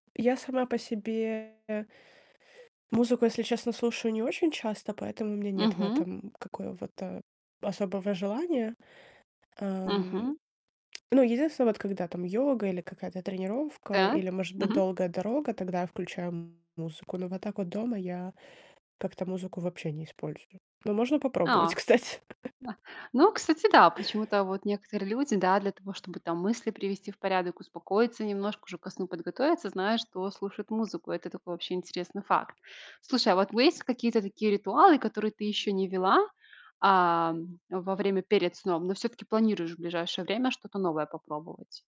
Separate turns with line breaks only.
Я сама по себе музыку, если честно, слушаю не очень часто, поэтому у меня нет в
Мгм.
этом какого-то особого желания.
Мгм.
Ам, ну, единственное, вот когда там йога или какая-то тренировка,
Так.
или, может быть,
Мгм.
долгая дорога, тогда я включаю музыку. Но вот так вот дома я как-то музыку вообще не использую. Ну можно
А!
попробовать, кстати.
Ну, кстати, да. Почему-то вот некоторые люди, да, для того, чтобы там мысли привести в порядок, успокоиться немножко, уже ко сну подготовиться, знаю, что слушают музыку. Это такой вообще интересный факт. Слушай, а вот у есть какие-то такие ритуалы, которые ты ещё не ввела, а, во время перед сном, но всё-таки планируешь в ближайшее время что-то новое попробовать?